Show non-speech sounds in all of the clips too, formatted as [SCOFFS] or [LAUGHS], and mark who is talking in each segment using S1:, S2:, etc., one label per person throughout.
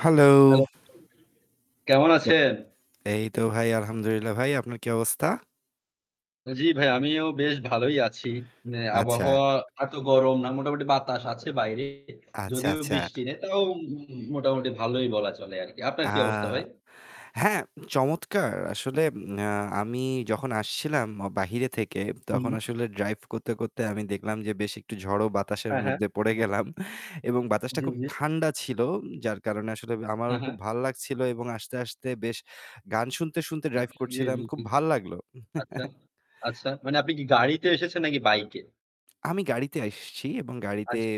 S1: Hello.
S2: Hello. কেমন
S1: আ
S2: আছেন?
S1: এই তো ভাই, আলহামদুলিল্লাহ ভাই। আপনার কি অবস্থা?
S2: জ্বি, ভাই আমিও বেশ ভালোই আছি।
S1: আচ্ছা।
S2: আবহাওয়া এত গরম না। আর মোটামুটি বাতাস আছে বাইরে।
S1: আচ্ছা,
S2: যদিও
S1: আচ্ছা।
S2: বৃষ্টি নেই তাও মোটামুটি ভালোই বলা চলে আরকি। আপনার
S1: আ
S2: কি অবস্থা ভাই?
S1: হ্যাঁ। চমৎকার। আসলে আমি যখন আসছিলাম বাহিরে থেকে তখন
S2: হুম।
S1: আসলে ড্রাইভ করতে, করতে আমি দেখলাম যে বেশ একটু ঝড়ো বাতাসের
S2: হ্যাঁ, হ্যাঁ।
S1: মধ্যে পড়ে গেলাম। এবং বাতাসটা
S2: জ্বী,
S1: খুব
S2: জ্বী।
S1: ঠান্ডা ছিল। যার কারণে আসলে আমারও
S2: হ্যাঁ,
S1: খুব
S2: হ্যাঁ।
S1: ভাল লাগছিল এবং আস্তে, আস্তে বেশ গান শুনতে, শুনতে
S2: আচ্ছা,
S1: ড্রাইভ
S2: জ্বী,
S1: করছিলাম।
S2: জ্বী,
S1: খুব
S2: জ্বী।
S1: ভাল লাগল। [LAUGHS]
S2: আচ্ছা, মানে আপনি কি গাড়িতে এসেছেন নাকি বাইকে?
S1: আমি গাড়িতে আসছি এবং গাড়িতে
S2: আচ্ছা।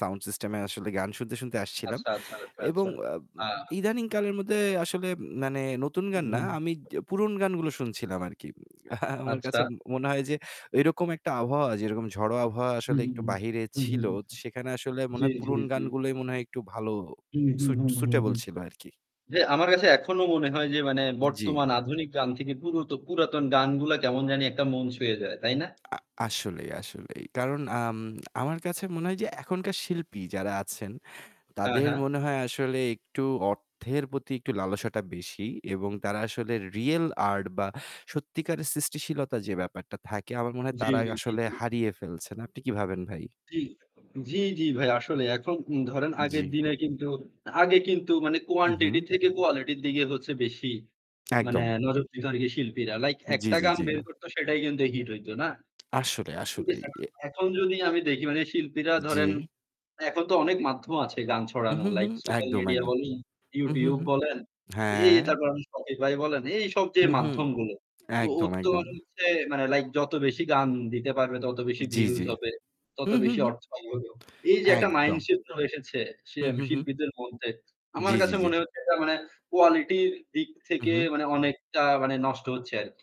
S1: সাউন্ড সিস্টেম এ আসলে গান শুনতে, শুনতে আসছিলাম।
S2: আচ্ছা, আচ্ছা, আচ্ছা,
S1: এবং
S2: আচ্ছা।
S1: অব
S2: হ্যাঁ।
S1: ইদানিং কালের মধ্যে আসলে মানে নতুন গান না
S2: হুম।
S1: আমি পুরনো গানগুলো শুনছিলাম আরকি। [SCOFFS] আমার কাছে
S2: আচ্ছা।
S1: মনে হয় যে এইরকম একটা আবহাওয়া যেরকম ঝড়ো আবহাওয়া আসলে
S2: হুম,
S1: একটু বাইরে
S2: হুম,
S1: ছিল।
S2: হুম।
S1: সেখানে আসলে মনে
S2: জ্বী,
S1: হয়
S2: জ্বী,
S1: পুরনো
S2: জ্বী।
S1: গানগুলো মনে হয় একটু ভালো
S2: হুম, হুম,
S1: সুইট
S2: হুম, হুম,
S1: সুইটেবল
S2: হুম,
S1: ছিল আরকি।
S2: যে আমার কাছে এখনো মনে হয় যে মানে
S1: জ্বি।
S2: বর্তমান আধুনিক গান থেকে পুরো পুরাতন গানগুলা কেমন জানি একটা মন ছুঁয়ে যায়। তাই না?
S1: আ আসলেই, আসলেই। কারণ আম আমার কাছে মনে হয় যে আ এখনকার শিল্পী যারা আছেন
S2: হ্যাঁ,
S1: তাদের
S2: হ্যাঁ।
S1: মনে হয় আসলে অর্থের প্রতি একটু লালসাটা বেশি। এবং তারা আসলে রিয়াল আর্ট বা সত্যিকারের সৃষ্টিশীলতা যে ব্যাপারটা থাকে আমার মনে হয়
S2: জ্বী,
S1: তারা
S2: জ্বী। জ্বী,
S1: আসলে
S2: জ্বী।
S1: হারিয়ে ফেলছে। আপনি কি ভাবেন ভাই?
S2: জ্বি, জ্বি, জ্বি, ভাই আসলে এখন ধরেন আগের
S1: জ্বি।
S2: দিনে কিন্তু আগে কিন্তু মানে
S1: হু,
S2: কোয়ান্টিটি
S1: হু।
S2: থেকে কোয়ালিটির দিকে হচ্ছে বেশি মানে
S1: একদম।
S2: নজরদার শিল্পীরা। লাইক
S1: জ্বি,
S2: একটা
S1: জ্বি,
S2: গান
S1: জ্বি।
S2: বের করত সেটাই কিন্তু হিট হইতো না?
S1: আসলে আসলে
S2: [UNINTELLIGIBLE] এখ
S1: ইয়ে।
S2: এখন যদি আমি দেখি মানে শিল্পীরা ধরেন
S1: জ্বি।
S2: এখন তো অনেক মাধ্যম আছে গান
S1: হুম,
S2: ছড়ানো।
S1: হুম,
S2: লাইক
S1: হুম,
S2: সোশ্যাল
S1: একদম,
S2: মিডিয়া
S1: একদম।
S2: বলেন,
S1: হুম, হুম,
S2: YouTube
S1: হুম।
S2: বলেন, এই
S1: হ্যাঁ।
S2: তারপর Spotify ভাই বলেন এইসব যে
S1: হু, হু,
S2: মাধ্যমগুলো। তো ওর
S1: একদম,
S2: তো
S1: একদম।
S2: লাইক যত বেশি গান দিতে পারবে তত বেশি
S1: জ্বি,
S2: ভিউজ
S1: জ্বি।
S2: হবে, তত
S1: হুম, হুম,
S2: বেশি
S1: হুম।
S2: অর্থ হবে। এই যে একটা মাইন্ড
S1: একদম।
S2: সেট এসেছে
S1: হু, হু, হু।
S2: শিল্পীদের মধ্যে। আমার
S1: জ্বি, জ্বি,
S2: কাছে
S1: জ্বি।
S2: মনে হচ্ছে এটা মানে কোয়ালিটির দিক
S1: হু,
S2: থেকে
S1: হু।
S2: মানে অনেকটা মানে নষ্ট হচ্ছে আরকি।